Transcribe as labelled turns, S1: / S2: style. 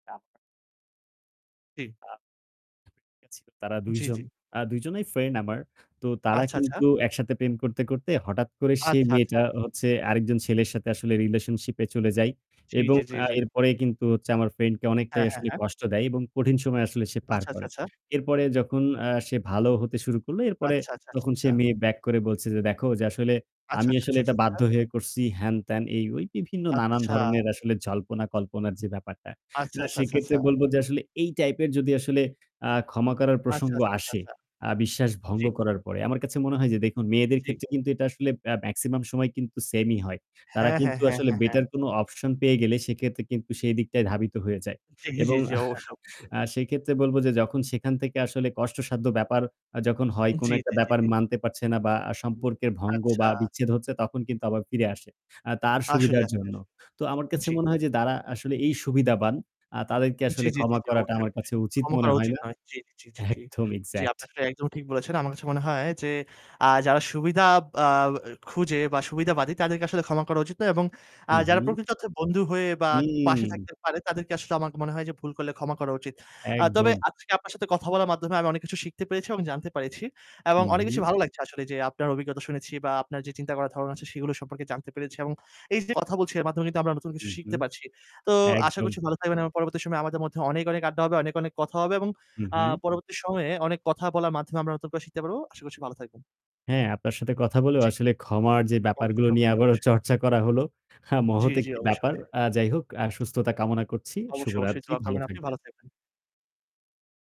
S1: চা
S2: জি।
S1: [unintelligible] তারা ২
S2: জি,
S1: জন
S2: জি।
S1: আ ২ জনেই friend আমার। তো তারা
S2: আচ্ছা, আচ্ছা।
S1: কিন্তু একসাথে প্রেম করতে, করতে হঠাৎ করে সেই
S2: আচ্ছা, আচ্ছা।
S1: মেয়েটা হচ্ছে আরেকজন ছেলের সাথে আসলে relationship এ চলে যায়
S2: জি,
S1: এবং
S2: জি, জি,
S1: আ
S2: জি।
S1: এরপরে কিন্তু হচ্ছে আমার friend কে অনেকটাই
S2: হ্যাঁ, হ্যাঁ,
S1: আসলে
S2: হ্যাঁ।
S1: কষ্ট দেয় এবং কঠিন সময় আসলে সে পার
S2: আচ্ছা, আচ্ছা,
S1: করে।
S2: আচ্ছা।
S1: এরপরে যখন আ সে ভালো হতে শুরু করলো, এরপরে
S2: আচ্ছা, আচ্ছা, আচ্ছা,
S1: তখন সে
S2: আচ্ছা।
S1: মেয়ে back করে বলছে যে "দেখো যে আসলে
S2: আচ্ছা,
S1: আমি
S2: আচ্ছা,
S1: আসলে
S2: আচ্ছা, আচ্ছা,
S1: এটা বাধ্য
S2: আচ্ছা।
S1: হয়ে করছি।" হেন-তেন এই ওই বিভিন্ন নানান
S2: আচ্ছা।
S1: ধরনের আসলে জল্পনা কল্পনার যে ব্যাপারটা।
S2: আচ্ছা,
S1: না,
S2: আচ্ছা, আচ্ছা,
S1: সেক্ষেত্রে
S2: আচ্ছা।
S1: বলব যে আসলে এই type এর যদি আসলে আ ক্ষমা করার
S2: আচ্ছা,
S1: প্রসঙ্গ
S2: আচ্ছা, আচ্ছা,
S1: আসে,
S2: আচ্ছা।
S1: আ বিশ্বাস ভঙ্গ
S2: জি।
S1: করার পরে। আমার কাছে মনে হয় যে দেখুন, মেয়েদের
S2: জি।
S1: ক্ষেত্রে কিন্তু এটা আসলে আ maximum সময় কিন্তু same-ই হয়। তারা
S2: হ্যাঁ, হ্যাঁ,
S1: কিন্তু
S2: হ্যাঁ,
S1: আসলে
S2: হ্যাঁ, হ্যাঁ।
S1: better কোন option পেয়ে গেলে সেক্ষেত্রে কিন্তু সেই দিকটাই ধাবিত হয়ে যায়।
S2: জি, জি,
S1: এবং
S2: জি। অবশ্যই, অবশ্যই।
S1: আ সেক্ষেত্রে বলব যে যখন সেখান থেকে আসলে কষ্টসাধ্য ব্যাপার আ যখন হয়, কোন
S2: জি,
S1: একটা
S2: জি, জি,
S1: ব্যাপার
S2: জি।
S1: মানতে পারছে না বা সম্পর্কের ভঙ্গ
S2: আচ্ছা।
S1: বা বিচ্ছেদ হচ্ছে তখন কিন্তু আবার ফিরে আসে, আ তার
S2: আসলে,
S1: সুবিধার
S2: আসলে,
S1: জন্য।
S2: আসলে।
S1: তো আমার কাছে
S2: জি।
S1: মনে হয় যে তারা আসলে এই সুবিধাবান। তাদেরকে
S2: জি,
S1: আসলে
S2: জি, জি,
S1: ক্ষমা
S2: জি।
S1: করাটা
S2: অবশ্যই,
S1: আমার কাছে
S2: অবশ্যই।
S1: উচিত
S2: ক্ষমা
S1: মনে
S2: করা
S1: হয়
S2: উচিত
S1: না
S2: নয়। জি, জি, জি, জি।
S1: একদম,
S2: জি,
S1: Exact।
S2: আপনি আসলে একদম ঠিক বলেছেন। আমার কাছে মনে হয় যে, আ যারা সুবিধা আ খুঁজে বা সুবিধাবাদী তাদেরকে আসলে ক্ষমা করা উচিত নয় এবং আ যারা
S1: উ-হুম।
S2: প্রকৃত অর্থে বন্ধু হয়ে বা পাশে
S1: হুম।
S2: থাকতে পারে তাদেরকে আসলে আমার মনে হয় যে ভুল করলে ক্ষমা করা উচিত। আ তবে
S1: একদম।
S2: আজকে আপনার সাথে কথা বলার মাধ্যমে আমি অনেক কিছু শিখতে পেরেছি এবং জানতে পেরেছি এবং
S1: হু,
S2: অনেক কিছু
S1: হুম।
S2: ভালো লাগছে আসলে যে আপনার অভিজ্ঞতা শুনেছি বা আপনার যে চিন্তা করার ধারণা আছে সেগুলো সম্পর্কে জানতে পেরেছি এবং এই যে কথা বলছি এর মাধ্যমে কিন্তু আমরা নতুন
S1: হু,
S2: কিছু শিখতে
S1: হুম,
S2: পারছি। তো আশা
S1: একদম।
S2: করছি ভালো থাকবেন এবং পরবর্তী সময়ে আমাদের মধ্যে অনেক, অনেক আড্ডা হবে, অনেক, অনেক কথা হবে এবং
S1: হু,
S2: আ
S1: হুম।
S2: পরবর্তী সময়ে অনেক কথা বলার মাধ্যমে আমরা নতুন করে শিখতে পারবো। আশা করছি ভালো থাকবেন।
S1: হ্যাঁ, আপনার সাথে কথা বলেও
S2: জি।
S1: আসলে ক্ষমার যে ব্যাপারগুলো
S2: অবশ্যই,
S1: নিয়ে
S2: অবশ্যই,
S1: আবারও
S2: অবশ্যই।
S1: চর্চা করা হলো, আ
S2: জি,
S1: মহৎ
S2: জি।
S1: একটি
S2: অবশ্যই,
S1: ব্যাপার।
S2: অবশ্যই।
S1: আ যাই হোক, আ সুস্থতা কামনা করছি।
S2: অবশ্যই, অবশ্যই।
S1: শুভরাত্রি,
S2: দোয়া
S1: ভালো
S2: করবেন আপনি
S1: থাকবেন।
S2: ভালো থাকবেন।